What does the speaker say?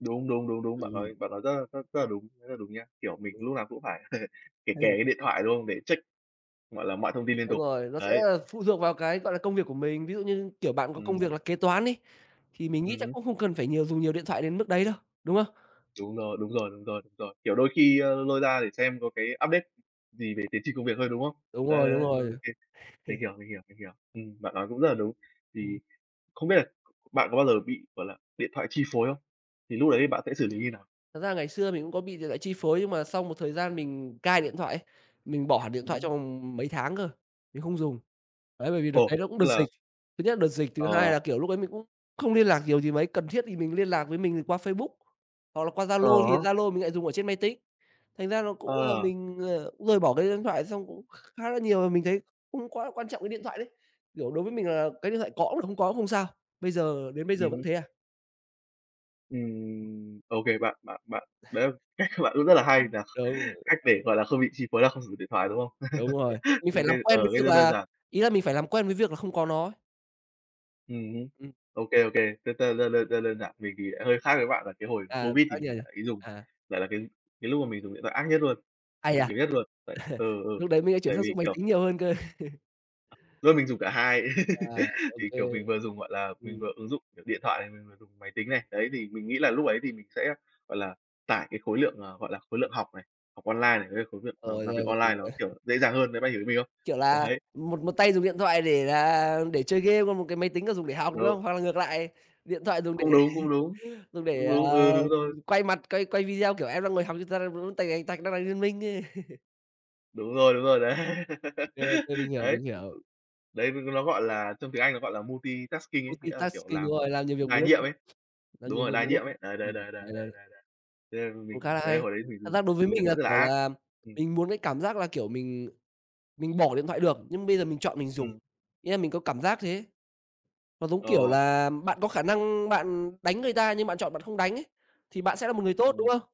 Đúng, đúng, đúng, đúng, bạn Ừm. nói bạn nói rất là rất rất là đúng, rất là đúng nha. Kiểu, mình [unintelligible] lúc nào cũng phải kề kề [unintelligible] cái điện thoại, đúng không? Để check, gọi là, mọi thông tin liên Đúng tục. rồi, nó sẽ, Đấy. a, phụ thuộc vào cái, gọi là, công việc của mình, ví dụ như, kiểu, bạn có công việc Ừm. là kế toán đi, thì mình nghĩ Ừm chắc hứm. cũng không cần phải nhiều dùng nhiều điện thoại đến mức đấy đâu, đúng không? Đúng rồi, đúng rồi, đúng rồi, đúng rồi. Kiểu, đôi khi, ơ, lôi ra để xem có cái update gì về tiến trình công việc thôi, đúng không? Đúng Đấy, rồi, đấy, đúng đấy, rồi, rồi. okay. Mình hiểu, mình hiểu, mình hiểu. Ừm, bạn nói cũng rất là đúng. Ừm. Thì không biết bạn có bao giờ bị, gọi là, điện thoại chi phối không? Thì lúc ấy thì bạn sẽ xử lý như nào? Thật ra ngày xưa mình cũng có bị điện thoại chi phối, nhưng mà xong một thời gian mình cai điện thoại ấy, mình bỏ hẳn điện Ừm thoại hứm. trong vòng mấy tháng cơ, mình không dùng. Đấy, bởi vì đợt Ồ, đấy nó cũng đợt tức là dịch, thứ nhất là đợt dịch, thứ hai Ờ. là, kiểu, lúc đấy mình cũng không liên lạc nhiều gì mấy, cần thiết thì mình liên lạc với mình qua Facebook hoặc là qua Ờ Zalo, thì hớ. Zalo thì mình lại dùng ở trên máy tính, thành ra nó cũng là À. mình, ờ, cũng rời bỏ cái điện thoại. Xong cũng kh khá là nhiều và mình thấy không quá là quan trọng cái điện thoại đấy, kiểu, đối với mình là cái điện thoại có cũng được, không có cũng không sao, bây giờ đến bây giờ Ừm vẫn hứm. thế à. Ừm, OK, bạn bạn bạn đấy là cách của bạn cũng rất là hay nhỉ? Đúng, ờ. Cách để, gọi là, không bị chi phối là không sử dụng điện thoại, đúng không? Đúng rồi, mình Thì phải làm OK, ờ, quen với cách việc rất đơn là giản. ý là mình phải làm quen với việc là không có nó. Ừm hứm. Ừm. Ô kê, ô kê, đơn đơn đơn đơn đơn giản mình thì lại hơi khác với bạn, là cái hồi À, COVID thì mình [unintelligible] lại ý dùng à. lại là cái cái lúc mà mình dùng điện thoại ác nhất luôn, Ai dùng dà. nhiều nhất luôn. Vậy ừ, ừ. Lúc đấy mình sẽ chuyển Tại sang vì, dùng máy kiểu tính nhiều hơn cơ. Do mình dùng cả hai. À, ô Thì, kê. kiểu, mình vừa dùng, gọi là, mình Ừm. vừa ứng dụng, kiểu, điện thoại này, mình vừa dùng máy tính này, đấy, thì mình nghĩ là lúc ấy thì mình sẽ, gọi là, tải cái khối lượng, à, gọi là, khối lượng học này, học online này, với lại khối lượng, ờ, Rồi, làm rồi, việc rồi, online rồi. nó, kiểu, dễ dàng hơn, đấy, bạn hiểu ý mình không? Kiểu là, Đấy. một một tay dùng điện thoại để là để chơi game, còn một cái máy tính là dùng để học, đúng Đúng. không? Hoặc là ngược lại, điện thoại dùng để Cũng đúng, cũng đúng, dùng để, cũng à, đúng, ừ, đúng rồi. ừm, quay mặt, quay quay video, kiểu, em đang ngồi học nhưng ta đang bấm tạch tạch tạch tạch, đang đánh Liên Minh, ơ. Đúng rồi, đúng rồi đấy. Ô kê, ô kê, mình hiểu, Đấy, mình hiểu. [unintelligible] đấy, đúng, nó gọi là trong tiếng Anh nó gọi là multi-tasking ấy, nghĩa là, kiểu, Multi-tasking, đúng làm một rồi, làm nhiều việc một đa lúc á, nhiệm ấy. làm Đúng nhiều rồi, việc đa một nhiệm lúc á. ấy, đấy, đấy, Ừm, đấy, đấy, đấy, đấy, đấy. đấy, đấy. Thế nên Cũng khá mình là đấy là hay, hồi đấy mình thật dùng ra đối với dùng điện mình là, thoại rất là kiểu ác. là, Ừm. mình muốn cái cảm giác là, kiểu, mình mình bỏ điện thoại được, nhưng bây giờ mình chọn mình dùng, Ừm. nghĩa là mình có cảm giác thế ấy. Nó giống kiểu Ờ. là bạn có khả năng bạn đánh người ta nhưng bạn chọn bạn không đánh ấy, thì bạn sẽ là một người tốt, đúng Ừm. không?